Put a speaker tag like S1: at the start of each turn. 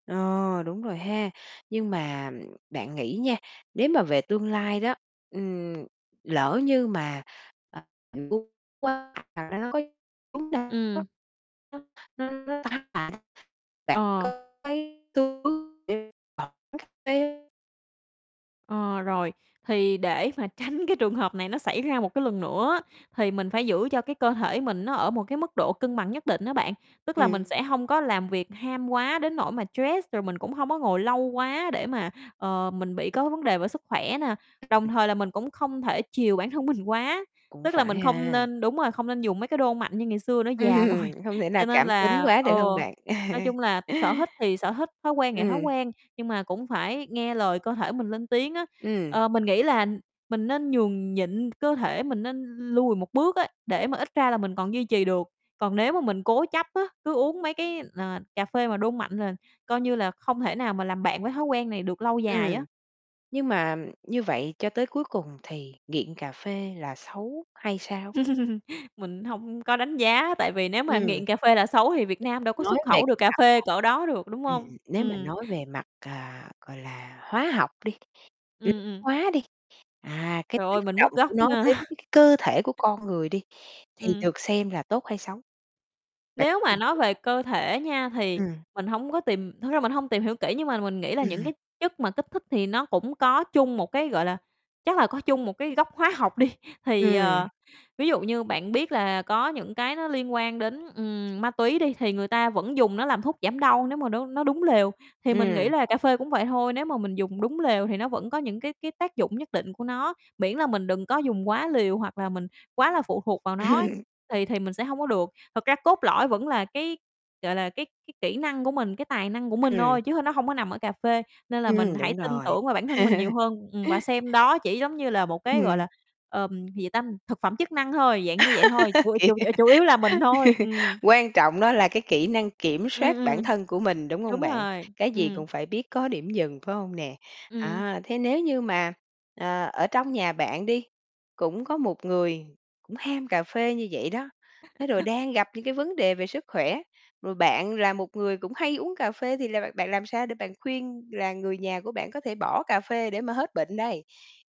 S1: Ờ, đúng rồi ha. Nhưng mà bạn nghĩ nha, nếu mà về tương lai đó, ừm, lỡ như mà, ờ, cúng quá, hoặc là nó có [unintelligible] đó,
S2: Ừm.
S1: nó nó nó tác hại, bạn
S2: Ờ.
S1: có thấy xu hướng về mở quán cà phê?
S2: Ờ, rồi, thì để mà tránh cái trường hợp này nó xảy ra một cái lần nữa á, thì mình phải giữ cho cái cơ thể mình nó ở một cái mức độ cân bằng nhất định á bạn. Tức là mình
S1: Ừm.
S2: sẽ hông có làm việc ham quá đến nỗi mà stress, rồi mình cũng hông có ngồi lâu quá để mà, ờ, mình bị có vấn đề về sức khỏe nè, đồng thời là mình cũng không thể chiều bản thân mình quá,
S1: Cũng
S2: tức là
S1: phải
S2: mình không
S1: ha.
S2: nên đúng rồi, không nên dùng mấy cái đô mạnh như ngày xưa nữa, già rồi.
S1: Ừm, hông thể nào
S2: Cho nên
S1: cảm tính
S2: là
S1: quá, được hông
S2: ừ,
S1: bạn?
S2: nói chung là sở thích thì sở thích, thói quen thì thói
S1: Ừm.
S2: quen, nhưng mà cũng phải nghe lời cơ thể mình lên tiếng á,
S1: Ừm.
S2: ờ, mình nghĩ là mình nên nhường nhịn cơ thể, mình nên lùi một bước á, để mà ít ra là mình còn duy trì được. Còn nếu mà mình cố chấp á, cứ uống mấy cái, ờ, cà phê mà đô mạnh là coi như là không thể nào mà làm bạn với thói quen này được lâu dài á.
S1: Ừm, nhưng mà như vậy cho tới cuối cùng thì nghiện cà phê là xấu hay sao?
S2: Mình hông có đánh giá, tại vì nếu mà
S1: Ừm.
S2: nghiện cà phê là xấu thì Việt Nam đâu có
S1: Nói
S2: xuất
S1: về
S2: khẩu được
S1: cái
S2: cà
S1: mặt là
S2: phê cỡ đó được, đúng hông?
S1: ừm, nếu mà
S2: Ừm.
S1: nói về mặt, à, gọi là, hóa học đi, lý
S2: Ừm, ừm.
S1: hóa đi, à, cái
S2: Trời ơi,
S1: tác
S2: mình
S1: động
S2: mất
S1: của
S2: gốc
S1: nó
S2: nha.
S1: đến cái cơ thể của con người đi, thì
S2: Ừm.
S1: được xem là tốt hay xấu? Bạn có
S2: Nếu mà
S1: tìm
S2: nói
S1: hiểu?
S2: về cơ thể nha thì
S1: Ừm.
S2: mình hổng có tìm thực ra mình hông tìm hiểu kỹ nhưng mà mình nghĩ là những
S1: Ừm.
S2: cái chất mà kích thích thì nó cũng có chung một cái gọi là, chắc là có chung một cái gốc hóa học đi. Thì, ờ,
S1: Ừm.
S2: ví dụ như bạn biết là có những cái nó liên quan đến, ừm, ma túy đi thì người ta vẫn dùng nó làm thuốc giảm đau nếu mà nó nó đúng lều, thì mình nghĩ
S1: Ừm.
S2: là cà phê cũng vậy thôi, nếu mà mình dùng đúng lều thì nó vẫn có những cái cái tác dụng nhất định của nó, miễn là mình đừng có dùng quá liều hoặc là mình quá là phụ thuộc vào nó ấy,
S1: Ừm.
S2: thì thì mình sẽ hông có được. Thực ra cốt lõi vẫn là cái, gọi là, cái cái kỹ năng của mình, cái tài năng của mình
S1: Ừm.
S2: thôi chứ h nó hông có nằm ở cà phê, nên là mình
S1: Ừm,
S2: hãy
S1: đúng
S2: tin
S1: rồi.
S2: tưởng vào bản thân mình nhiều hơn, ừm, và xem đó chỉ giống như là một cái, gọi
S1: Ừm.
S2: là, ờm, gì ta, thực phẩm chức năng thôi, dạng như vậy thôi, ừ,
S1: Kỳ.
S2: chù ờ, chủ yếu là mình thôi, ừm.
S1: Quan trọng đó là cái kỹ năng kiểm
S2: Ừm,
S1: soát bản
S2: ừm.
S1: thân của mình, đúng hông
S2: Đúng
S1: bạn?
S2: rồi,
S1: Cái gì
S2: ừm.
S1: cũng phải biết có điểm dừng, phải hông nè?
S2: Ừm.
S1: À, thế nếu như mà, ờ, ở trong nhà bạn đi, cũng có một người cũng ham cà phê như vậy đó, thế rồi đang gặp những cái vấn đề về sức khỏe, rồi bạn là một người cũng hay uống cà phê thì là bạn bạn làm sao để bạn khuyên là người nhà của bạn có thể bỏ cà phê để mà hết bệnh đây?